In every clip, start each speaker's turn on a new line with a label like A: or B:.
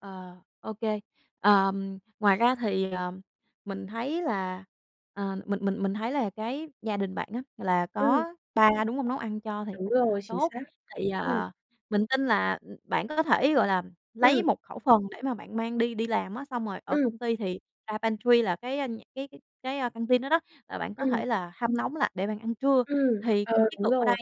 A: Ờ, ô kê. Ờm, ngoài ra thì, ờm, mình thấy là, ờm, mình mình mình thấy là cái gia đình bạn á là
B: Ừm.
A: có ba, đúng hông? Nấu ăn cho thì
B: Đúng
A: cũng rất là
B: rồi, chính
A: tốt.
B: xác.
A: Thì,
B: Ừm.
A: à, mình tin là, ừm, bạn có thể, gọi là, lấy
B: Ừm.
A: một khẩu phần để mà bạn mang đi đi làm á, xong rồi ở
B: Ừm.
A: công ty thì ra pantry là cái, a, nh cái cái cái, a, căn tin đó đó, là bạn có
B: Ừm.
A: thể là hâm nóng lại để bạn ăn trưa.
B: Ừm,
A: Thì
B: ờ,
A: cái chiến
B: đúng
A: lược ở
B: rồi.
A: đây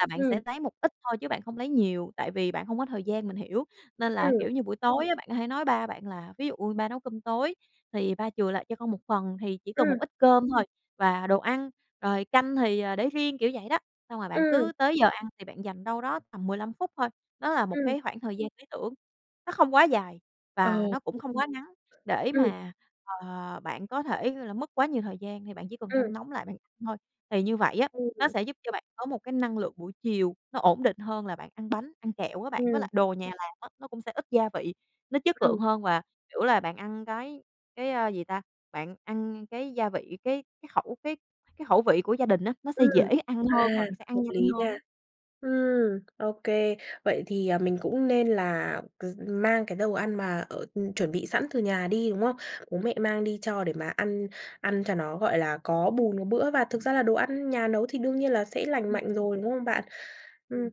A: là bạn
B: Ừm.
A: sẽ lấy một ít thôi chứ bạn không lấy nhiều, tại vì bạn không có thời gian, mình hiểu. Nên là,
B: Ừm.
A: kiểu như, buổi tối á, bạn có thể nói ba bạn là "Ví dụ ba nấu cơm tối thì ba chừa lại cho con 1 phần. Thì chỉ cần một
B: Ừm.
A: ít cơm thôi và đồ ăn, rồi canh thì, à, để riêng", kiểu vậy đó. Xong rồi bạn
B: Ừm.
A: cứ tới giờ ăn thì bạn dành đâu đó tầm 15 phút thôi, đó là một
B: Ừm.
A: cái khoảng thời gian lý tưởng, nó không quá dài
B: Ờ.
A: và nó cũng không quá ngắn, để
B: Ừm.
A: mà, ờ, bạn có thể, gọi là, mất quá nhiều thời gian thì bạn chỉ cần
B: Ừm.
A: hâm nóng lại bạn thôi. Thì như vậy á, nó
B: Ừm.
A: sẽ giúp cho bạn có một cái năng lượng buổi chiều nó ổn định hơn là bạn ăn bánh, ăn kẹo á bạn. Với
B: Ừm.
A: lại đồ nhà làm á, nó cũng sẽ ít gia vị, nó chất lượng
B: Ừm.
A: hơn và, kiểu là, bạn ăn cái cái, ơ, gì ta? Bạn ăn cái gia vị, cái cái khẩu cái cái khẩu vị của gia đình á, nó sẽ dễ
B: Ừm.
A: ăn hơn
B: À,
A: rồi sẽ ăn
B: hợp
A: nhanh
B: lý
A: hơn
B: nha.
A: á.
B: Ừm, ô kê, vậy thì, ờ, mình cũng nên là c mang cái đồ ăn mà ở chuẩn bị sẵn từ nhà đi, đúng không? Bố mẹ mang đi cho để mà ăn ăn cho nó, gọi là, có bùn có bữa và thực ra là đồ ăn nhà nấu thì đương nhiên là sẽ lành
A: Ừm,
B: mạnh
A: ừm.
B: rồi, đúng không bạn? Ừm.
A: Ừm.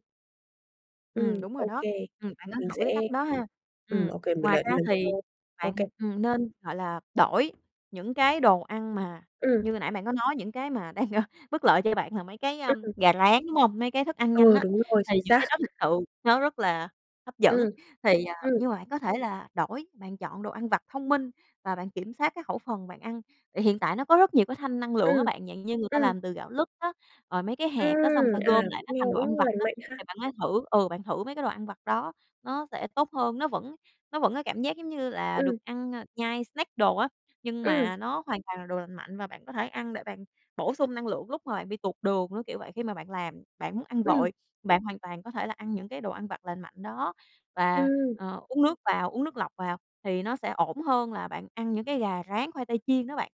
A: Ừm,
B: Ừm,
A: đúng rồi
B: ô
A: đó.
B: kê,
A: Ừm, bạn nên
B: mình
A: thử cái
B: sẽ
A: cách đó ha.
B: ừm,
A: Ừm,
B: ô kê mình
A: ngoài
B: đợi
A: ra
B: lần
A: thì
B: sau. Ô
A: bạn,
B: kê.
A: ừm, nên, gọi là, đổi những cái đồ ăn mà
B: Ừm.
A: như nãy bạn có nói, những cái mà đang, ơ, bất lợi cho bạn là mấy cái,
B: Ưm,
A: ưm,
B: ừm.
A: gà rán, đúng hông? Mấy cái thức ăn nhanh
B: Ừ,
A: á,
B: đúng rồi,
A: thì
B: chính
A: những cái
B: xác.
A: đó thực sự nó rất là hấp dẫn,
B: Ừm,
A: thì, à
B: ừm.
A: nhưng mà bạn có thể là đổi, bạn chọn đồ ăn vặt thông minh và bạn kiểm soát cái khẩu phần bạn ăn. Thì hiện tại nó có rất nhiều cái thanh năng lượng á
B: Ừm,
A: bạn, dạng như người ta
B: ừm.
A: làm từ gạo lứt á, rồi mấy cái hạt á, xong người
B: Ừm,
A: ta
B: à,
A: gom lại nó
B: nghe
A: thành đồ ăn
B: cũng
A: vặt
B: lành
A: á,
B: mạnh ha.
A: thì bạn hãy thử ừ, bạn thử mấy cái đồ ăn vặt đó nó sẽ tốt hơn. Nó vẫn nó vẫn có cảm giác giống như là được
B: Ừm.
A: ăn, a, nhai snack đồ á, nhưng
B: Ừm.
A: mà nó hoàn toàn là đồ lành mạnh và bạn có thể ăn để bạn bổ sung năng lượng lúc mà bạn bị tụt đường, nó kiểu vậy. Khi mà bạn làm bạn muốn ăn
B: Ừm.
A: vội, bạn hoàn toàn có thể là ăn những cái đồ ăn vặt lành mạnh đó và,
B: Ừm.
A: ờ, uống nước vào uống nước lọc vào thì nó sẽ ổn hơn là bạn ăn những cái gà rán, khoai tây chiên đó bạn.